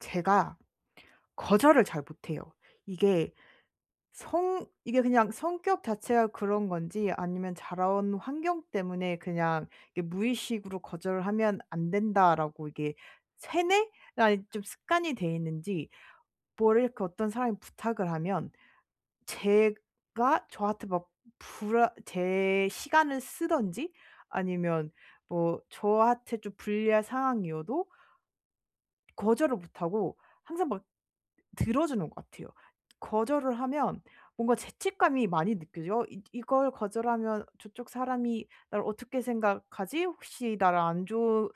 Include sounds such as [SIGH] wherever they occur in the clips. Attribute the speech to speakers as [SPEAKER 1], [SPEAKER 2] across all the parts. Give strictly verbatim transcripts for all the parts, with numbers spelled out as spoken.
[SPEAKER 1] 제가 거절을 잘 못해요. 이게 성 이게 그냥 성격 자체가 그런 건지 아니면 자라 온 환경 때문에 그냥 이렇게 무의식으로 '거절을 하면 안 된다.'라고 이게 세뇌가 좀 습관이 돼 있는지 뭐 이렇게 어떤 사람이 부탁을 하면 제가 저한테 막 불안 제 시간을 쓰든지 아니면 뭐 저한테 좀 불리한 상황이어도 거절을 못하고 항상 막 들어주는 것 같아요. 거절을 하면 뭔가 죄책감이 많이 느껴져요. 어 이 '이걸 거절하면 저쪽 사람이 나를 어떻게 생각하지? 혹시 나를 안 좋은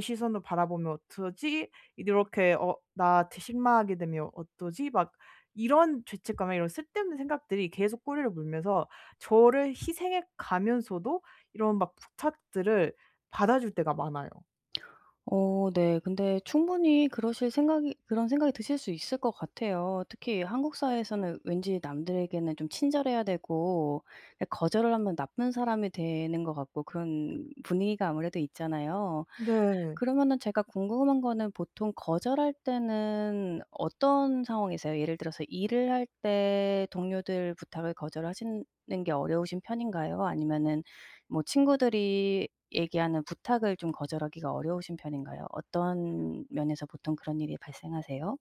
[SPEAKER 1] 시선으로 바라보면 어쩌지?' 이렇게 어 '나한테 실망하게 되면 어쩌지?' 막 이런 죄책감에 이런 쓸데없는 생각들이 계속 꼬리를 물면서 저를 희생해 가면서도 이런 막 부탁들을 받아줄 때가 많아요.
[SPEAKER 2] 어 네. 근데 충분히 그러실 생각이 그런 생각이 드실 수 있을 것 같아요. 특히 한국 사회에서는 왠지 남들에게는 좀 친절해야 되고 약 거절을 하면 나쁜 사람이 되는 것 같고 그런 분위기가 아무래도 있잖아요?
[SPEAKER 1] 네.
[SPEAKER 2] 그러면은 제가 궁금한 거는 보통 거절할 때는 어떤 상황이세요? 예를 들어서 일을 할 때 동료들 부탁을 거절하시는 게 어려우신 편인가요? 아니면은 뭐 친구들이 얘기하는 부탁을 좀 거절하기가 어려우신 편인가요? 어떤 면에서 보통 그런 일이 발생하세요?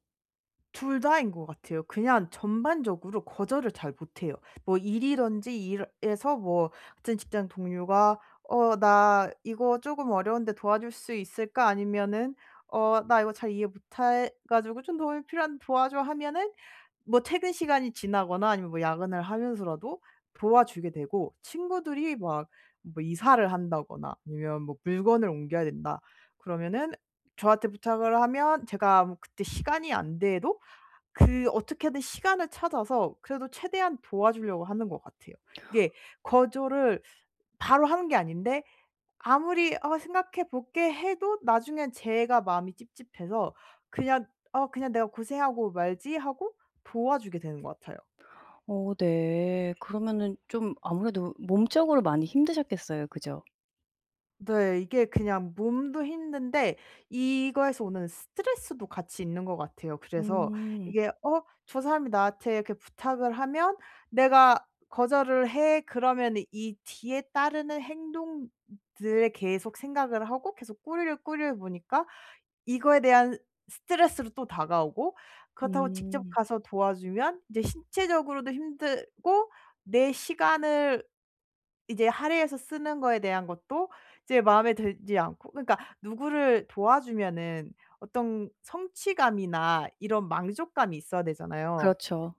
[SPEAKER 1] 둘 다인 것 같아요. 그냥 전반적으로 거절을 잘 못 해요. 뭐 일이든지 일에서 뭐 같은 직장 동료가 "어 나 이거 쪼금 어려운데 도와줄 수 있을까?" 아니면은 "어 나 이거 잘 이해 못 해 가지고 좀 도움이 필요한데 도와줘." 하면은 뭐 퇴근 시간이 지나거나 아니면 뭐 야근을 하면서라도 도와주게 되고 친구들이 막 뭐 이사를 한다거나 아니면 뭐 물건을 옮겨야 된다. 그러면은 저한테 부탁을 하면 제가 뭐 그때 시간이 안 돼도 그 어떻게든 시간을 찾아서 그래도 최대한 도와주려고 하는 것 같아요. 이게 거절을 [SUCKS TEETH] 바로 하는 게 아닌데 아무리 "어 생각해 볼게." 해도 나중에는 제가 마음이 찝찝해서 그냥 '어 그냥 내가 고생하고 말지.' 하고 도와주게 되는 것 같아요.
[SPEAKER 2] 어 네. 그러면은 좀 아무래도 몸적으로 많이 힘드셨겠어요. 그죠?
[SPEAKER 1] 네. 이게 그냥 몸도 힘든데 이거에서 오는 스트레스도 같이 있는 것 같아요. 그래서
[SPEAKER 2] 음.
[SPEAKER 1] 이게 '어 저 사람이 나한테 이렇게 부탁을 하면 내가 거절을 해.' 그러면은 이 뒤에 따르는 행동들에 계속 생각을 하고 계속 꼬리에 꼬리를 무니까 이거에 대한 스트레스로 또 다가오고 그렇다고 직접
[SPEAKER 2] 음.
[SPEAKER 1] 가서 도와주면 이제 신체적으로도 힘들고 내 시간을 이제 할애해서 쓰는 거에 대한 것도 이제 마음에 들지 않고 그러니까 누구를 도와주면은 어떤 성취감이나 이런 만족감이 있어야 되잖아요.
[SPEAKER 2] 그렇죠.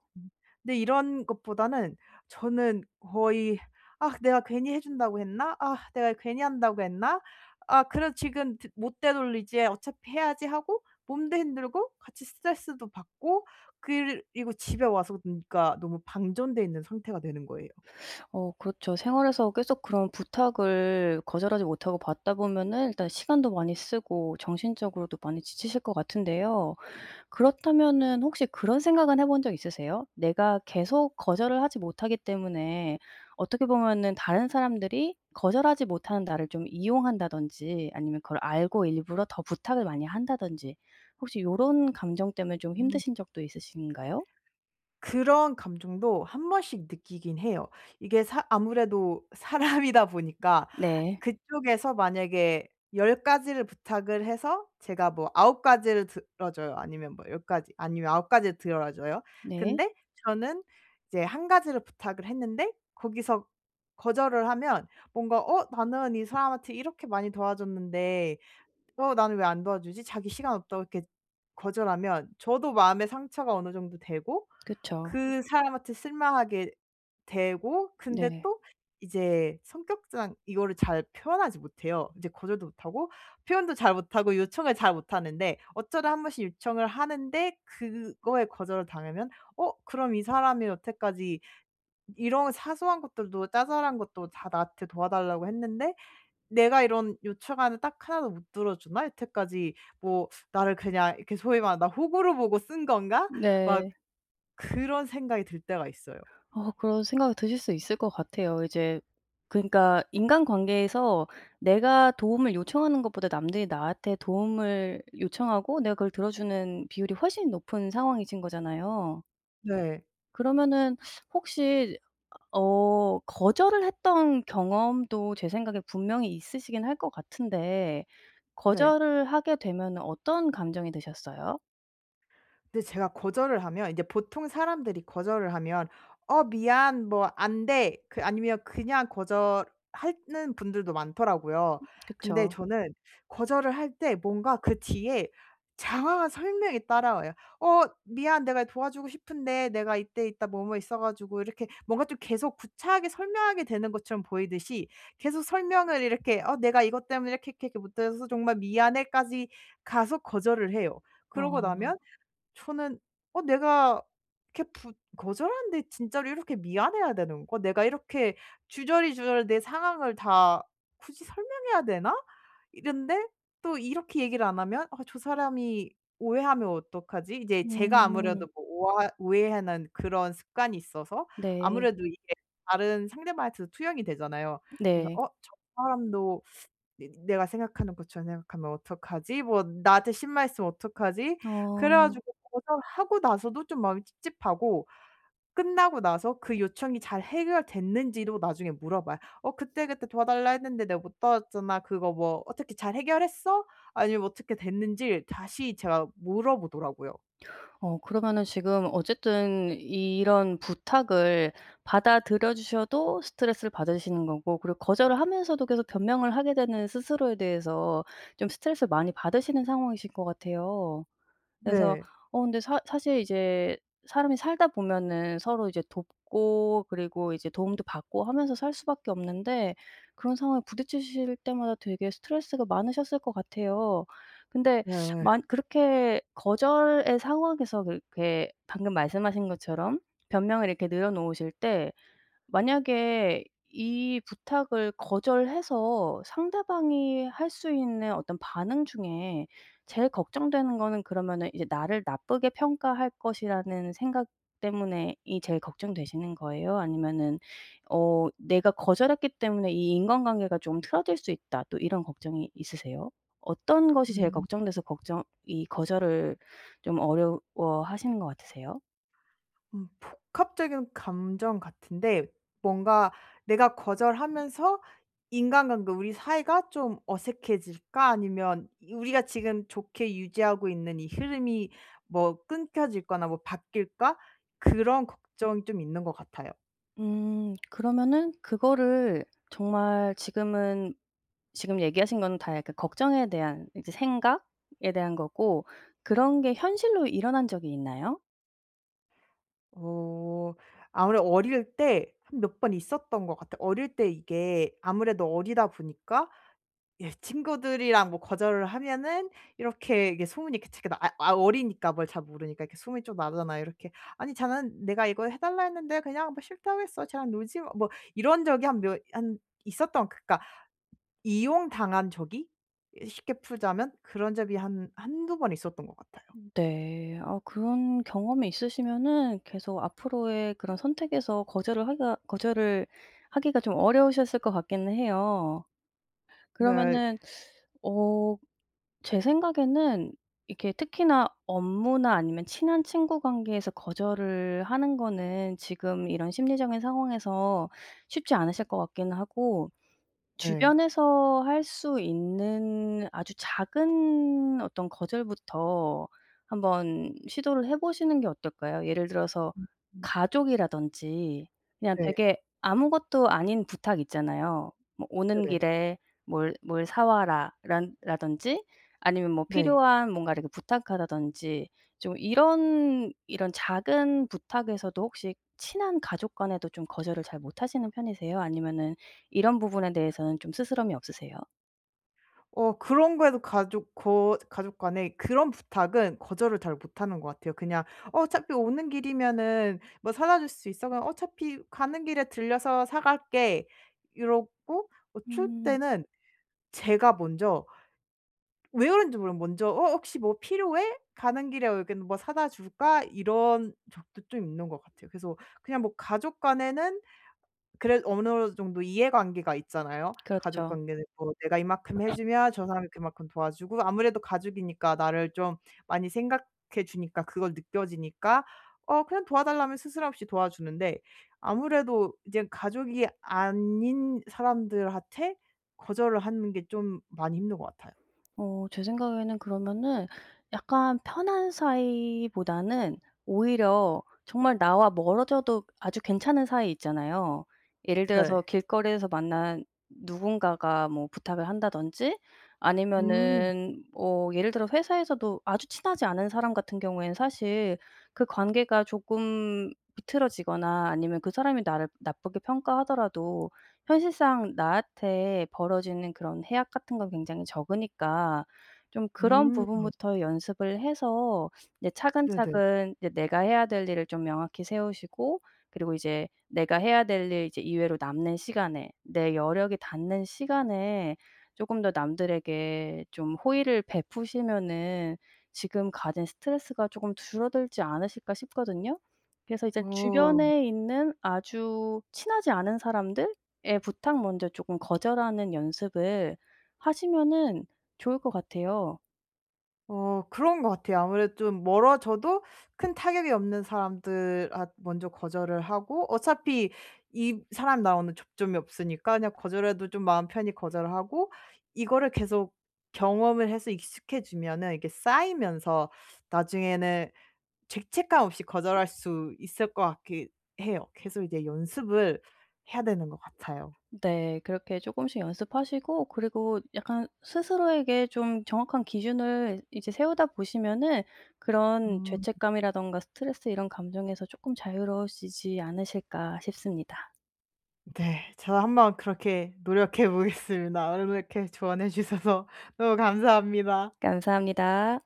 [SPEAKER 1] 근데 이런 것보다는 저는 거의 '아 내가 괜히 해준다고 했나? 아 내가 괜히 한다고 했나? 아 그래 지금 드 못 되돌리지 어차피 해야지.' 하고 몸도 힘들고 같이 스트레스도 받고 그리고 집에 와서 그러니까 너무 방전돼 있는 상태가 되는 거예요.
[SPEAKER 2] [SUCKS TEETH] 어 그렇죠. 생활에서 계속 그런 부탁을 거절하지 못하고 받다 보면은 일단 시간도 많이 쓰고 정신적으로도 많이 지치실 것 같은데요. 그렇다면은 혹시 그런 생각은 해본 적 있으세요? '내가 계속 거절을 하지 못하기 때문에 어떻게 보면은 다른 사람들이 거절하지 못하는 나를 좀 이용한다.'든지 아니면 '그걸 알고 일부러 더 부탁을 많이 한다.'든지 혹시 요런 감정 때문에 좀
[SPEAKER 1] 음.
[SPEAKER 2] 힘드신 적도 있으신가요?
[SPEAKER 1] 그런 감정도 한 번씩 느끼기는 해요. 이게 사 아무래도 사람이다 보니까
[SPEAKER 2] 네.
[SPEAKER 1] 그쪽에서 만약에 열 가지를 부탁을 해서 제가 뭐 아홉 가지를 들어 줘요. 아니면 뭐 열 가지 아니면 아홉 가지를 들어 줘요.
[SPEAKER 2] 네.
[SPEAKER 1] 근데 저는 이제 한 가지를 부탁을 했는데 거기서 거절을 하면 뭔가 '어 나는 이 사람한테 이렇게 많이 도와줬는데 어 나는 왜 안 도와주지?' 자기 시간 없다고 이렇게 거절하면 저도 마음에 상처가 어느 정도 되고
[SPEAKER 2] 그쵸.
[SPEAKER 1] 그 사람한테 실망하게 되고 근데
[SPEAKER 2] 네.
[SPEAKER 1] 또 이제 성격상 이거를 잘 표현하지 못해요. 이제 거절도 못하고 표현도 잘 못하고 요청을 잘 못하는데 어쩌다 한 번씩 요청을 하는데 그거에 거절을 당하면 '어 그럼 이 사람이 여태까지 이런 사소한 것들도 자잘한 것도 다 나한테 도와달라고 했는데 내가 이런 요청하는 딱 하나 도 못 들어주나? 여태까지 뭐 나를 그냥...' 이렇게 소위 말하면 '나 호구로 보고 쓴 건가?' 막
[SPEAKER 2] 네.
[SPEAKER 1] 그런 생각이 들 때가 있어요.
[SPEAKER 2] 어 그런 생각이 드실 수 있을 것 같아요. 이제 그러니까 인간관계에서 내가 도움을 요청하는 것보다 남들이 나한테 도움을 요청하고 내가 그걸 들어주는 비율이 훨씬 높은 상황이신 거잖아요.
[SPEAKER 1] 네.
[SPEAKER 2] 그러면은 [SUCKS TEETH] 혹시 어 거절을 했던 경험도 제 생각에 분명히 있으시기는 할 것 같은데
[SPEAKER 1] 네.
[SPEAKER 2] 거절을 하게 되면은 어떤 감정이 드셨어요?
[SPEAKER 1] 근데 제가 거절을 하면 이제 보통 사람들이 거절을 하면 "어 미안." 뭐 "안 돼." 그 아니면 그냥 거절하는 분들도 많더라고요.
[SPEAKER 2] 음.
[SPEAKER 1] 근데
[SPEAKER 2] 그쵸.
[SPEAKER 1] 저는 거절을 할 때 뭔가 그 뒤에 장황한 설명이 따라와요. "어 미안. 내가 도와주고 싶은데 내가 이때 이따 뭐, 뭐 있어 가지고..." 이렇게 뭔가 좀 계속 구차하게 설명하게 되는 것처럼 보이듯이 계속 설명을 이렇게 "어 내가 이것 때문에 이렇게, 이렇게, 이렇게 못 해서 정말 미안해." 까지 가서 거절을 해요. 그러고
[SPEAKER 2] 아.
[SPEAKER 1] 나면 저는 '어 내가 이렇게 부 거절하는데 진짜로 이렇게 미안해야 되는 거? 내가 이렇게 주저리, 주저리 내 상황을 다 굳이 설명해야 되나?' 이랬는데 또 이렇게 얘기를 안 하면 '아 저 사람이 오해하면 어떡하지?' 이제 제가
[SPEAKER 2] 음.
[SPEAKER 1] 아무래도 뭐 오아 오해하는 그런 습관이 있어서
[SPEAKER 2] 네.
[SPEAKER 1] 아무래도 이게 다른 상대방한테도 투영이 되잖아요. 그래서
[SPEAKER 2] 네.
[SPEAKER 1] '어 저 사람도 내 내가 생각하는 것처럼 생각하면 어떡하지? 뭐 나한테 실망했으면 어떡하지?' 그래
[SPEAKER 2] 어.
[SPEAKER 1] 가지고 거절하고 나서도 좀 마음이 찝찝하고 끝나고 나서 그 요청이 잘 해결됐는지도 나중에 물어봐요. "어 그때, 그때 도와달라 했는데 내가 못 도왔잖아. 그거 뭐 어떻게 잘 해결했어?" 아니면 어떻게 됐는지를 다시 제가 물어보더라고요.
[SPEAKER 2] 어 그러면은 지금 어쨌든 이런 부탁을 받아들여 주셔도 스트레스를 받으시는 거고 그리고 거절을 하면서도 계속 변명을 하게 되는 스스로에 대해서 좀 스트레스를 많이 받으시는 상황이신 것 같아요. 그래서
[SPEAKER 1] 네.
[SPEAKER 2] 어 근데 사 사실 이제 사람이 살다 보면은 서로 이제 돕고 그리고 이제 도움도 받고 하면서 살 수 밖에 없는데 그런 상황에 부딪히실 때마다 되게 스트레스가 많으셨을 것 같아요. 근데
[SPEAKER 1] 네.
[SPEAKER 2] [SUCKS TEETH] 만 그렇게 거절의 상황에서 그렇게 방금 말씀하신 것처럼 변명을 이렇게 늘어 놓으실 때 만약에 이 부탁을 거절해서 상대방이 할 수 있는 어떤 반응 중에 제일 걱정되는 거는 그러면은 이제 나를 나쁘게 평가할 것이라는 생각 때문에 이 제일 걱정되시는 거예요? 아니면은 어 '내가 거절했기 때문에 이 인간관계가 좀 틀어질 수 있다.' 또 이런 걱정이 있으세요? 어떤 것이 제일
[SPEAKER 1] 음.
[SPEAKER 2] 걱정돼서 걱정 이 거절을 좀 어려워 하시는 것 같으세요?
[SPEAKER 1] 음 복합적인 감정 같은데 뭔가 내가 거절하면서 인간관계 '우리 사이가 좀 어색해질까? 아니면 이 우리가 지금 좋게 유지하고 있는 이 흐름이 뭐 끊겨지거나 뭐 바뀔까?' 그런 걱정이 좀 있는 것 같아요.
[SPEAKER 2] 음. 그러면은 그거를 정말 지금은 지금 얘기하신 거는 다 약간 걱정에 대한 이제 생각에 대한 거고 그런 게 현실로 일어난 적이 있나요?
[SPEAKER 1] 어 아무래도 어릴 때 한 몇 번 있었던 것 같아요. 어릴 때 이게 아무래도 어리다 보니까 예 친구들이랑 뭐 거절을 하면은 이렇게 이게 소문이 그 치 아 아 어리니까 뭘 잘 모르니까 이렇게 소문이 좀 나잖아요 이렇게. "아니 쟤는 내가 이걸 해달라 했는데 그냥 뭐 싫다고 했어. 쟤랑 놀지마." 뭐 이런 적이 한 몇 한 있었던 그러니까 이용당한 적이 이 쉽게 풀자면 그런 적이 한 한두 번 있었던 것 같아요.
[SPEAKER 2] 네. 아 그런 경험이 있으시면은 계속 앞으로의 그런 선택에서 거절을 하기가 거절을 하기가 좀 어려우셨을 것 같기는 해요.
[SPEAKER 1] 네.
[SPEAKER 2] 그러면은 [SUCKS TEETH] 어 제 생각에는 이렇게 특히나 업무나 아니면 친한 친구 관계에서 거절을 하는 거는 지금 이런 심리적인 상황에서 쉽지 않으실 것 같기는 하고
[SPEAKER 1] 네.
[SPEAKER 2] 주변에서 할 수 있는 아주 작은 어떤 거절부터 한번 시도를 해보시는 게 어떨까요? 예를 들어서
[SPEAKER 1] 음 음.
[SPEAKER 2] 가족이라든지 그냥
[SPEAKER 1] 네.
[SPEAKER 2] 되게 아무것도 아닌 부탁 있잖아요. 뭐 "오는
[SPEAKER 1] 네네.
[SPEAKER 2] 길에 뭘 뭘 사와라."라 라던지 아니면 뭐
[SPEAKER 1] 네.
[SPEAKER 2] 필요한 뭔가를 이렇게 부탁한다든지 좀 이런 이런 작은 부탁에서도 혹시 친한 가족 간에도 좀 거절을 잘 못하시는 편이세요? 아니면은 이런 부분에 대해서는 좀 스스럼이 없으세요?
[SPEAKER 1] 어 그런 거에도 가족 거 가족 간에 그런 부탁은 거절을 잘 못하는 것 같아요. 그냥 "어차피 오는 길이면은 뭐 사다 줄 수 있어?" 그러면 "어차피 가는 길에 들려서 사 갈게." 이러고 어 추울
[SPEAKER 2] 음.
[SPEAKER 1] 때는 제가 먼저 왜 그러는지 몰라요. 먼저 "어 혹시 뭐 필요해? 가는 길에 여기 뭐 사다 줄까?" 이런 적도 좀 있는 것 같아요. 그래서 그냥 뭐 가족 간에는 그래도 어느 정도 이해관계가 있잖아요. 가족
[SPEAKER 2] 그렇죠.
[SPEAKER 1] 관계는 뭐 내가 이만큼 해 주면 저 사람이 그만큼 도와주고 아무래도 가족이니까 나를 좀 많이 생각해 주니까 그걸 느껴지니까 어 그냥 도와달라면 스스럼없이 도와주는데 아무래도 이제 가족이 아닌 사람들한테 거절을 하는 게 좀 많이 힘든 것 같아요.
[SPEAKER 2] 어 제 생각에는 그러면은 약간 편한 사이보다는 오히려 정말 나와 멀어져도 아주 괜찮은 사이 있잖아요. 예를 들어서
[SPEAKER 1] 네.
[SPEAKER 2] 길거리에서 만난 누군가가 뭐 부탁을 한다든지
[SPEAKER 1] 음.
[SPEAKER 2] 아니면은 뭐 예를 들어 회사에서도 아주 친하지 않은 사람 같은 경우에는 사실 그 관계가 조금 비틀어지거나 아니면 그 사람이 나를 나쁘게 평가하더라도 현실상 나한테 벌어지는 그런 해악 같은 건 굉장히 적으니까 좀 그런
[SPEAKER 1] 음.
[SPEAKER 2] 부분부터 연습을 해서 이제
[SPEAKER 1] 네네.
[SPEAKER 2] 차근차근 이제 내가 해야 될 일을 좀 명확히 세우시고 그리고 이제 내가 해야 될 일 이제 이외로 남는 시간에, 내 여력이 닿는 시간에 쪼금 더 남들에게 좀 호의를 베푸시면은 지금 가진 스트레스가 쪼금 줄어들지 않으실까 싶거든요. 그래서 이제
[SPEAKER 1] 어.
[SPEAKER 2] 주변에 있는 아주 친하지 않은 사람들의 부탁 먼저 쪼금 거절하는 연습을 하시면은 좋을 것 같아요.
[SPEAKER 1] 어 그런 것 같아요. 아무래도 좀 멀어져도 큰 타격이 없는 사람들 앗 먼저 거절을 하고 어차피 이 사람 나오는 접점이 없으니까 그냥 거절해도 좀 마음 편히 거절을 하고 이거를 계속 경험을 해서 익숙해지면은 이렇게 쌓이면서 나중에는 죄책감 없이 거절할 수 있을 것 같기는 해요. 계속 이제 연습을 해야 되는 것 같아요.
[SPEAKER 2] 네 그렇게 조금씩 연습하시고 그리고 약간 스스로에게 좀 정확한 기준을 이제 세우다 보시면은 그런
[SPEAKER 1] 음.
[SPEAKER 2] 죄책감이라든가 스트레스 이런 감정에서 쪼끔 자유로워지지 않으실까 싶습니다.
[SPEAKER 1] 네 저도 한번 그렇게 노력해 보겠습니다. 오늘 이렇게 조언해 주셔서 너무 감사합니다.
[SPEAKER 2] 감사합니다.